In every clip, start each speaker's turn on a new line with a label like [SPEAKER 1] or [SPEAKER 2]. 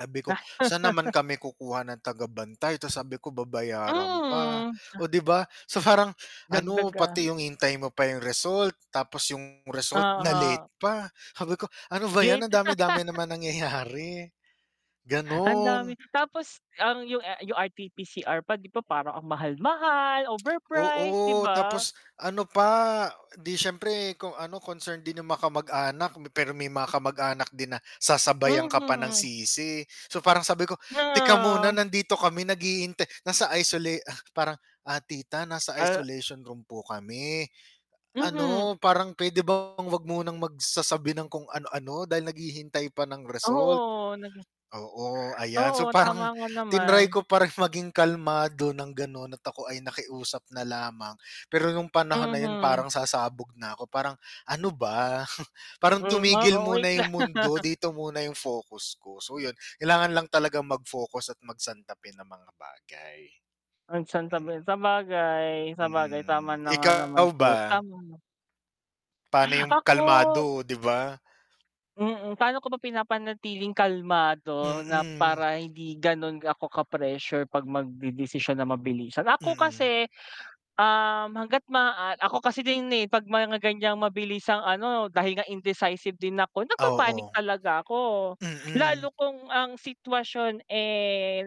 [SPEAKER 1] Sabi ko, "Saan naman kami kukuha ng tagabantay?" Tas sabi ko, "Babayaran pa."
[SPEAKER 2] Mm.
[SPEAKER 1] O di ba, so parang ano,
[SPEAKER 2] Dagdag ah
[SPEAKER 1] pati yung hintay mo pa yung result tapos yung result na-late
[SPEAKER 2] Aha.
[SPEAKER 1] pa sabi ko ano ba yan
[SPEAKER 2] Late.
[SPEAKER 1] ang dami-dami naman nangyayari.
[SPEAKER 2] Ang dami
[SPEAKER 1] Ganon.
[SPEAKER 2] tapos ang yung, ah, yung rtpcr pa, di ba, parang ang mahal mahal overprice, di
[SPEAKER 1] Oo,
[SPEAKER 2] ba?
[SPEAKER 1] tapos ano pa, di siyempre kung ano, concerned din yung makamag-anak pero may mga kamag-anak din na sasabayan ka pa ng
[SPEAKER 2] Mhm.
[SPEAKER 1] sisi. So parang sabi ko,
[SPEAKER 2] Na
[SPEAKER 1] teka muna
[SPEAKER 2] a
[SPEAKER 1] nandito kami naghihintay, nasa isola ah, parang, ah, "Tita nasa
[SPEAKER 2] A
[SPEAKER 1] isolation room po kami,
[SPEAKER 2] Mhm.
[SPEAKER 1] ano parang pwede bang wag munang magsasabi ng kung ano ano dahil naghihintay pa ng result."
[SPEAKER 2] Oo nag
[SPEAKER 1] Oo ayan so
[SPEAKER 2] Oo tama
[SPEAKER 1] parang
[SPEAKER 2] nga
[SPEAKER 1] tinray
[SPEAKER 2] naman.
[SPEAKER 1] ko pa rin maging kalmado ng ganon at ako ay nakiusap na lamang pero nung panahon na yun
[SPEAKER 2] Mhm.
[SPEAKER 1] parang sasabog na ako parang ano ba parang
[SPEAKER 2] Mm, oo
[SPEAKER 1] tumigil muna
[SPEAKER 2] wait
[SPEAKER 1] yung
[SPEAKER 2] lang.
[SPEAKER 1] mundo dito muna yung focus ko. So yun kailangan lang talagang mag-focus at magsantabi ng mga bagay.
[SPEAKER 2] O, santabi.
[SPEAKER 1] Mm.
[SPEAKER 2] Sabagay, sabagay, tama
[SPEAKER 1] Mm,
[SPEAKER 2] na nga naman
[SPEAKER 1] ikaw
[SPEAKER 2] po
[SPEAKER 1] ba?
[SPEAKER 2] tama.
[SPEAKER 1] Paano yung
[SPEAKER 2] Ako?
[SPEAKER 1] kalmado o di ba?
[SPEAKER 2] Mm. Paano ko ba pinapanatiling kalmado na
[SPEAKER 1] Mm.
[SPEAKER 2] para hindi ganun ako ka pressure pag magdedesisyon na mabilisan. Ako
[SPEAKER 1] Mm.
[SPEAKER 2] kasi, um, hanggat maaa ako kasi din eh, 'pag mga ganyang mabilisang ano dahil nga indecisive din ako
[SPEAKER 1] Ah,
[SPEAKER 2] nagpapanic
[SPEAKER 1] oo.
[SPEAKER 2] talaga ako.
[SPEAKER 1] Mm.
[SPEAKER 2] Lalo kung ang sitwasyon eh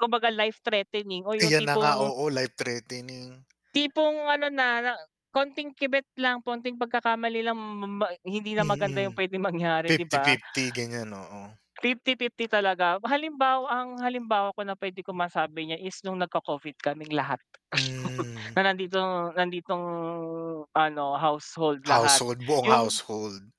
[SPEAKER 2] kumbaga life threatening o yung
[SPEAKER 1] Ayan na nga,
[SPEAKER 2] tipong
[SPEAKER 1] oo, life threatening.
[SPEAKER 2] tipong ano na na konting kibet lang, konting pagkakamali lang ma ma hindi na maganda
[SPEAKER 1] Mm,
[SPEAKER 2] yung pwedeng mangyari, di
[SPEAKER 1] fifty
[SPEAKER 2] ba?
[SPEAKER 1] fifty ganyan oo.
[SPEAKER 2] 50-50 talaga, halimbawa ang halimbawa ko na pwede ko masabi niya is nung nag-co-Covid kaming lahat,
[SPEAKER 1] Mm.
[SPEAKER 2] na nandito nanditong ano household lahat
[SPEAKER 1] Household, buong
[SPEAKER 2] yung
[SPEAKER 1] household.